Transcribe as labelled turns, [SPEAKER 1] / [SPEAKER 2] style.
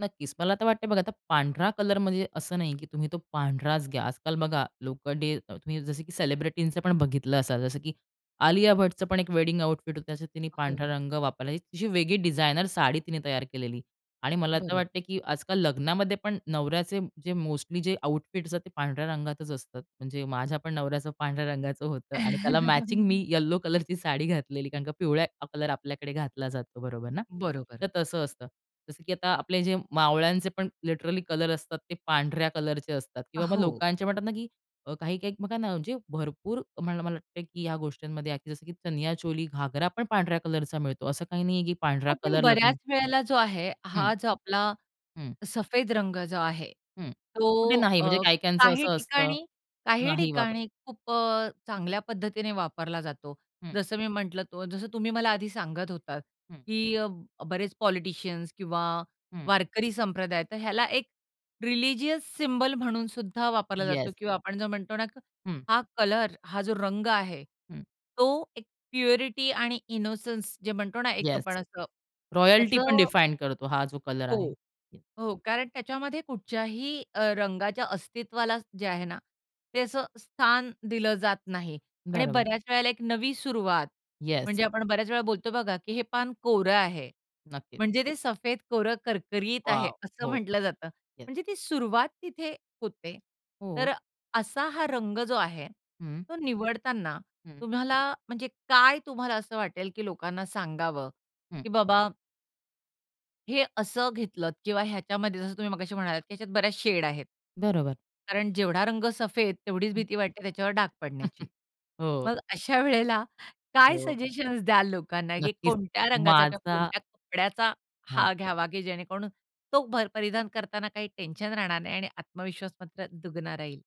[SPEAKER 1] नक्कीच. मला तर वाटतंय बघा, आता पांढरा कलर म्हणजे असं नाही, की तुम्ही तो पांढराच घ्या. आजकाल बघा लोकं डे तुम्ही जसं की सेलिब्रिटींच पण बघितलं असाल. जसं की आलिया भट्टचं पण एक वेडिंग आउटफिट होतं, त्याच्यात तिने पांढरा
[SPEAKER 2] हो.
[SPEAKER 1] रंग वापरला. एक अशी वेगळी डिझायनर साडी तिने तयार केलेली आणि मला तर
[SPEAKER 2] बरोबर.
[SPEAKER 1] वाटतंय की आजकाल लग्नामध्ये पण नवऱ्याचे जे मोस्टली जे आउटफिट्स असतात, ते पांढऱ्या रंगातच असतात. म्हणजे माझ्या पण नवऱ्याचं पांढऱ्या रंगाचं होतं आणि त्याला मॅचिंग मी यलो कलरची साडी घातलेली. कारण का पिवळा कलर आपल्याकडे घातला जातो. बरोबर ना. तर
[SPEAKER 2] बरोबर.
[SPEAKER 1] तसं असतं. जसं की आता आपले जे मावळ्यांचे पण लिटरली कलर असतात, ते पांढऱ्या कलरचे असतात
[SPEAKER 2] अ,
[SPEAKER 1] किंवा मग
[SPEAKER 2] हो.
[SPEAKER 1] लोकांचे म्हणतात ना, की अ, काही-काही बघा ना, म्हणजे भरपूर मला मला वाटत की ह्या गोष्टींमध्ये जसं की चनिया चोली, घागरा पण पांढऱ्या कलरचा मिळतो. असं काही नाहीये, की पांढरा
[SPEAKER 2] हो, पण
[SPEAKER 1] कलर लग्न
[SPEAKER 2] बऱ्याच वेळेला जो आहे
[SPEAKER 1] हं.
[SPEAKER 2] हा जो आपला
[SPEAKER 1] हं.
[SPEAKER 2] सफेद रंग जो आहे,
[SPEAKER 1] हं. तो कुठे
[SPEAKER 2] तो
[SPEAKER 1] नाही
[SPEAKER 2] अ,
[SPEAKER 1] म्हणजे काय कायांचं
[SPEAKER 2] काही
[SPEAKER 1] असं असतं,
[SPEAKER 2] ठिकाणी काही
[SPEAKER 1] नाही वापर
[SPEAKER 2] ठिकाणी खूप अ, चांगल्या पद्धतीने वापरला जातो.
[SPEAKER 1] हं.
[SPEAKER 2] जसं मी म्हंटलं तो जसं तुम्ही मला आधी सांगत होतात
[SPEAKER 1] हं.
[SPEAKER 2] की अ, बरेच पॉलिटिशियन्स किंवा
[SPEAKER 1] हं.
[SPEAKER 2] वारकरी संप्रदाय, तर ह्याला एक रिलिजियस सिम्बॉल म्हणून सुद्धा वापरला जातो
[SPEAKER 1] येस.
[SPEAKER 2] किंवा आपण जो म्हणतो ना,
[SPEAKER 1] हं.
[SPEAKER 2] हा कलर, हा जो रंग आहे,
[SPEAKER 1] हं.
[SPEAKER 2] तो एक प्युरिटी आणि इनोसन्स जे म्हणतो ना, एक
[SPEAKER 1] येस,
[SPEAKER 2] आपण असं
[SPEAKER 1] रॉयल्टी
[SPEAKER 2] त्याचं
[SPEAKER 1] पण
[SPEAKER 2] अ
[SPEAKER 1] डिफाईन करतो हा जो कलर आहे.
[SPEAKER 2] हो. हो. कारण त्याच्यामध्ये कुठच्याही अ, रंगाच्या अस्तित्वाला जे आहे ना, ते असं स्थान दिलं जात नाही. आणि
[SPEAKER 1] बरोबर.
[SPEAKER 2] बऱ्याच वेळेला एक नवी सुरुवात
[SPEAKER 1] येस.
[SPEAKER 2] म्हणजे आपण बऱ्याच वेळा बोलतो बघा, की "हे पान कोरं आहे."
[SPEAKER 1] नक्कीच.
[SPEAKER 2] म्हणजे ते सफेद कोरं करकरीत आहे,
[SPEAKER 1] वॉव!
[SPEAKER 2] असं
[SPEAKER 1] हो,
[SPEAKER 2] म्हटलं जातं.
[SPEAKER 1] येस.
[SPEAKER 2] म्हणजे ती सुरुवात तिथे होते. तर
[SPEAKER 1] हो.
[SPEAKER 2] अ, असा हा रंग जो आहे,
[SPEAKER 1] हं.
[SPEAKER 2] तो निवडताना
[SPEAKER 1] हं.
[SPEAKER 2] तुम्हाला म्हणजे काय तुम्हाला असं वाटेल की लोकांना सांगावं
[SPEAKER 1] हं.
[SPEAKER 2] की बाबा हे असं घेतलंत किंवा ह्याच्यामध्ये जसं तुम्ही मगाशी म्हणालात की ह्याच्यात बऱ्याच शेड आहेत.
[SPEAKER 1] बरोबर.
[SPEAKER 2] कारण जेवढा रंग सफेद तेवढीच
[SPEAKER 1] हं.
[SPEAKER 2] भीती वाटते त्याच्यावर डाग पडण्याची.
[SPEAKER 1] हो.
[SPEAKER 2] मग अशा वेळेला काय
[SPEAKER 1] हो.
[SPEAKER 2] सजेशन्स द्याल लोकांना, की
[SPEAKER 1] नक्कीच.
[SPEAKER 2] कोणत्या रंगाचा किंवा
[SPEAKER 1] माझा
[SPEAKER 2] कोणत्या कपड्याचा
[SPEAKER 1] हां.
[SPEAKER 2] हा घ्यावा की जेणेकरून तो भर परिधान करतांना काही टेन्शन राहणार नाही आणि आत्मविश्वास मस्त दुगना राहील?